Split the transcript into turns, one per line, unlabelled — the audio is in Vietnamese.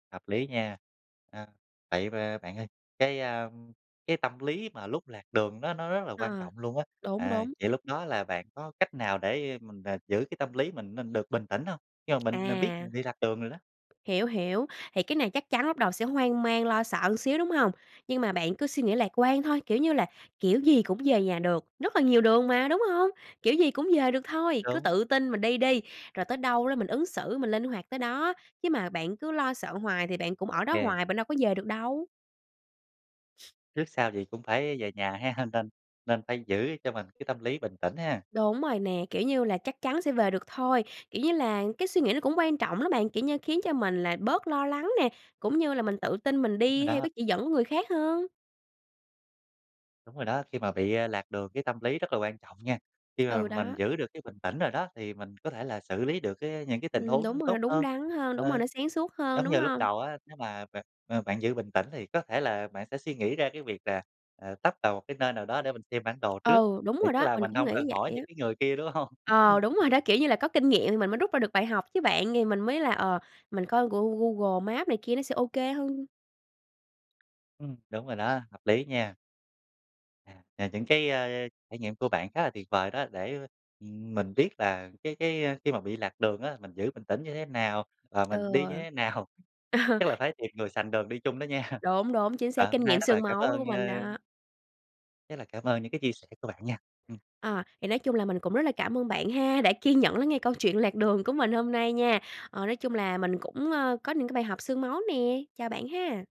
Hợp lý nha. À, vậy b bạn ơi. Cái, a, cái tâm lý mà lúc lạc đường nó nó rất là quan
À,
trọng luôn á.
đúng,
À,
đúng.
những lúc đó là bạn có cách nào để, a, mình về mình giữ cái tâm lý mình mình được bình tĩnh hông? Khi mà mình mình biết
À.
mình bị lạc đường rồi đó.
Hiểu, hiểu, thì cái này chắc chắn lúc đầu sẽ hoang mang, lo sợ xíu đúng hông? Nhưng mà bạn cứ suy nghĩ lạc quan thôi. Kiểu như là, kiểu gì cũng về nhà được, rất là nhiều đường mà, đúng hông? Kiểu gì cũng về được thôi, cứ
Đúng.
tự tin mình đi đi, rồi tới đâu đó mình ứng xử mình linh hoạt tới đó, chứ mà bạn cứ lo sợ hoài thì bạn cũng ở đó
OK.
hoài, bạn đâu có về được đâu.
Trước sau gì cũng phải về nhà ha, nên nên nên phải giữ cho mình cái tâm lý bình tĩnh ha.
Đúng rồi nè. Kiểu như là, chắc chắn sẽ về được thôi. Kiểu như là, cái suy nghĩ nó cũng quan trọng lắm bạn. Kiểu như, khiến cho mình là bớt lo lắng nè, cũng như là mình tự tin mình
Đúng rồi
đi theo
đó.
cái chỉ dẫn của người khác hơn.
Đúng rồi đó, khi mà bị, à, lạc đường cái tâm lý rất là quan trọng nha. Khi mà
Ừ,
mình
đó.
giữ được cái bình tĩnh rồi đó thì mình có thể là xử lý được cái những cái tình
Ừm,
huống nó
đúng rồi, nó
tốt
đúng
hơn.
đắn hơn. Đúng rồi,
Ờ,
nó sáng suốt hơn,
giống
đúng
như lúc
hông?
đầu á, nếu mà bạn, ờ, bạn giữ bình tĩnh thì có thể là bạn sẽ suy nghĩ ra cái việc là, à, tấp vào một cái nơi nào đó để mình xem bản đồ trước.
Ừ, đúng
Thì
rồi
tức
đó.
là
Mình
mình
cũng
hông cần
nghĩ
hỏi
vậy á.
những cái người kia đúng hông?
Ờ, đúng rồi đó, kiểu như là, có kinh nghiệm thì mình mới rút ra được bài học chứ bạn. Thì mình mới là, ờ, mình coi của gu Google Maps này kia nó sẽ OK hơn.
Ừm, đúng rồi đó. Hợp lý nha. À, à, những cái, a, trải nghiệm của bạn khá là tuyệt vời đó để mình biết là cái cái, a, khi mà bị lạc đường á. Mình giữ bình tĩnh như thế nào? Và mình
Ừ.
đi như thế nào?
Ờ.
Chắc là phải tìm người sành đường đi chung đó nha.
Đúng, đúng chính
À,
xác. Kinh
hôm nay
nghiệm
rất là
xương
cảm
máu đó của
ơn
mình
ơ
đó.
rất là cảm ơn những cái chia sẻ của bạn nha. Ừm.
Ờ, thì nói chung là mình cũng rất là cảm ơn bạn ha. Đã kiên nhẫn lắng nghe câu chuyện lạc đường của mình hôm nay nha. Ờ, nói chung là mình cũng ờ, có những cái bài học xương máu nè. Chào bạn ha.